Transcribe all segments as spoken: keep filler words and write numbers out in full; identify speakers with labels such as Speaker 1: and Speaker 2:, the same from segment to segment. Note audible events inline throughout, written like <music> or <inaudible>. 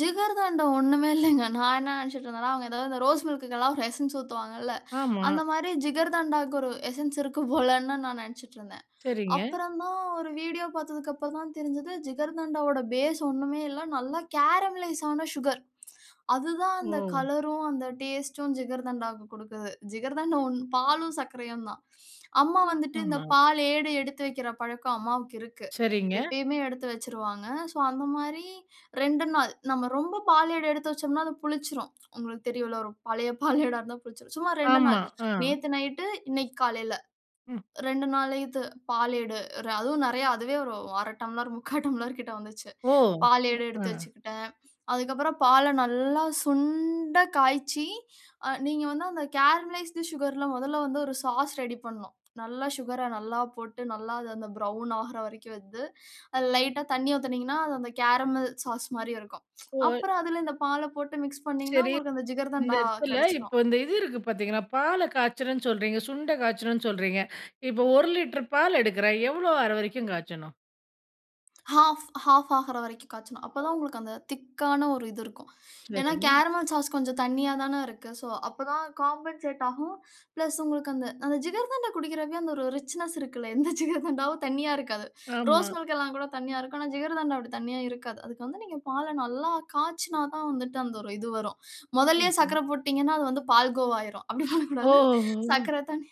Speaker 1: ஜிகர்தண்டா ஒண்ணுமே இல்லங்க. <chuckles> நான் என்ன நினைச்சுட்டு இருந்தேன்னா, அவங்க ஏதோ இந்த ரோஸ் மில்க்க்குலாம் ஒரு எசென்ஸ் ஊத்துவாங்கல்ல.
Speaker 2: ஆமா.
Speaker 1: அந்த மாரி ஜிகர்தண்டாவுக்கு ஒரு எசென்ஸ் இருக்கு போலன்னு நான் நெனைச்சுட்டு இருந்தேன்.
Speaker 2: சரிங்க.
Speaker 1: அப்புறம் தான் ஒரு வீடியோ பார்த்ததுக்கு அப்புறம் தான் தெரிஞ்சது, ஜிகர்தண்டாவோட பேஸ் ஒண்ணுமே இல்ல. நல்ல கேரமலைஸ் ஆன சுகர், <tsk> அதுதான் அந்த
Speaker 2: ஓ!
Speaker 1: கலரும் அந்த டேஸ்ட்டும் ஜிகர்தண்டாவுக்கு குடுக்குது. ஜிகர்தண்டா ஒன்ம் பாலும், சர்க்கரையும் தான். அம்மா வந்துட்டு, இந்த
Speaker 2: ஆமா.
Speaker 1: பால் ஏடு எடுத்து வைக்கிற பழக்கம், அம்மாவுக்கு இருக்கு.
Speaker 2: சரிங்க.
Speaker 1: எப்பயுமே எடுத்து வச்சிருவாங்க. சோ, அந்த மாரி ரெண்டு நாள். நம்ம ரொம்ப பாலேடு எடுத்து வச்சோம்னா அது புளிச்சிரும். உங்களுக்கு தெரியும்ல்ல ஒரு பழைய பாலேடா இருந்தா புளிச்சிரும். சும்மா ரெண்டு நாள்
Speaker 2: ஆமா, அ.
Speaker 1: நேத்து நைட்டு இன்னைக்கு காலையில.
Speaker 2: ம்.
Speaker 1: ரெண்டு நாள் இது பாலேடு, அதுவும் நெறையா அதுவே ஒரு அரை டம்ளர் முக்கா டம்ளர் கிட்ட வந்துச்சு.
Speaker 2: ஓ! ம்,
Speaker 1: பாலேடு எடுத்து
Speaker 2: அ.
Speaker 1: வச்சுக்கிட்டேன். அதுக்கப்பறம் பால நல்லா சுண்ட காய்ச்சி அ நீங்க வந்து அந்த கேரமலைஸ்ட் சுகர்ல மொதல்ல வந்து ஒரு சாஸ் ரெடி பண்ணும். நல்லா சுகர நல்லா போட்டு நல்லா அது அந்த ப்ரவுன் ஆகுற வரைக்கும் வந்து, அதில லைட்டா தண்ணி ஊத்துனீங்கன்னா, அது அந்த கேரமல் சாஸ் மாதிரி இருக்கும். <tsk>
Speaker 2: <unintelligible>
Speaker 1: அப்புறம் அதில இந்த பால போட்டு மிக்ஸ் பண்ணினீங்கன்னா
Speaker 2: சரி.
Speaker 1: உங்களுக்கு அந்த
Speaker 2: இந்த
Speaker 1: ஜிகர்தண்டா
Speaker 2: எடத்துல,
Speaker 1: கெடைச்சிரும்.
Speaker 2: இப்ப இந்த இது இருக்கு பார்த்தீங்களா, பால்ல காய்ச்சணும்னு சொல்றீங்க. சுண்ட காய்ச்சணும்னு சொல்றீங்க. இப்ப ஒரு லிட்டர் பால் எடுக்குறேன் எவ்ளோ ஆகுற வரைக்கும் காய்ச்சணும்?
Speaker 1: ஹாஃப், ஹாஃப் ஆகுற வரைக்கும் காய்ச்சணும், அப்ப தான் உங்களுக்கு அந்த திக்கான ஒரு இது இருக்கும். ஏன்னா
Speaker 2: சரி.
Speaker 1: கேரமல் சாஸ் கொஞ்சம் தண்ணியா தானே இருக்கு. சோ, அப்ப தான் காம்பன்சேட் ஆகும். பிளஸ் உங்களுக்கு அந்த அந்த ஜிகர்தண்டா குடிக்கிற அந்த ஒரு ரிச்னெஸ் இருக்குல்ல. <chuckles> எந்த ஜிகர்தண்டாவும் தண்ணியா இருக்காது.
Speaker 2: ஆமா.
Speaker 1: ரோஸ் மில்க் எல்லாம் கூட தண்ணியா இருக்கும். ஆனா ஜிகர்தண்டா அப்படி தண்ணியா இருக்காது. அதுக்கு வந்து நீங்க பால நல்லா காய்ச்சினா தான் வந்துட்டு அந்த ஒரு இது வரும். மொதல்லயே
Speaker 2: <unintelligible>
Speaker 1: சர்க்கரை போட்டுட்டீங்கன்னா அது வந்து பால் கோவாகிரும். அப்டி
Speaker 2: ஓ, ஓ,
Speaker 1: பண்ணக்கூடாது.
Speaker 2: ஓ, ஓ!
Speaker 1: சர்க்கரை தண்ணி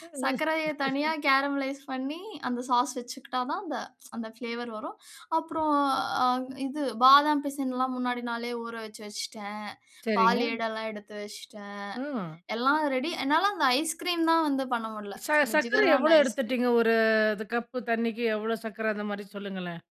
Speaker 2: <unintelligible>
Speaker 1: சர்க்கரையை தனியா
Speaker 2: <laughs>
Speaker 1: கேரமலைஸ் பண்ணி அந்த சாஸ் வச்சுக்கிட்டா தான் அந்த <tsk> அந்த பிளேவர் வரும். அப்புறம் அ இது பாதாம் பிசன்லாம் முன்னாடி நாளே ஊறவச்சு வச்சுட்டேன். பால்
Speaker 2: சரிங்க.
Speaker 1: ஏடு எல்லாம் எடுத்து வச்சுட்டேன்.
Speaker 2: ம்.
Speaker 1: எல்லாம் ரெடி என்னால அந்த ஐஸ் கிரீம் தான் வந்து பண்ண முடியல.
Speaker 2: ச
Speaker 1: <tsk> இந்த
Speaker 2: சர்க்கரை
Speaker 1: ஜிகர்தண்டா
Speaker 2: எவ்வளோ
Speaker 1: ஐஸ் கிரீம்.
Speaker 2: எடுத்துட்டீங்க? ஒரு த கப்பு தண்ணிக்கு, எவ்ளோ சர்க்கரை அந்த மாதிரி சொல்லுங்களேன்.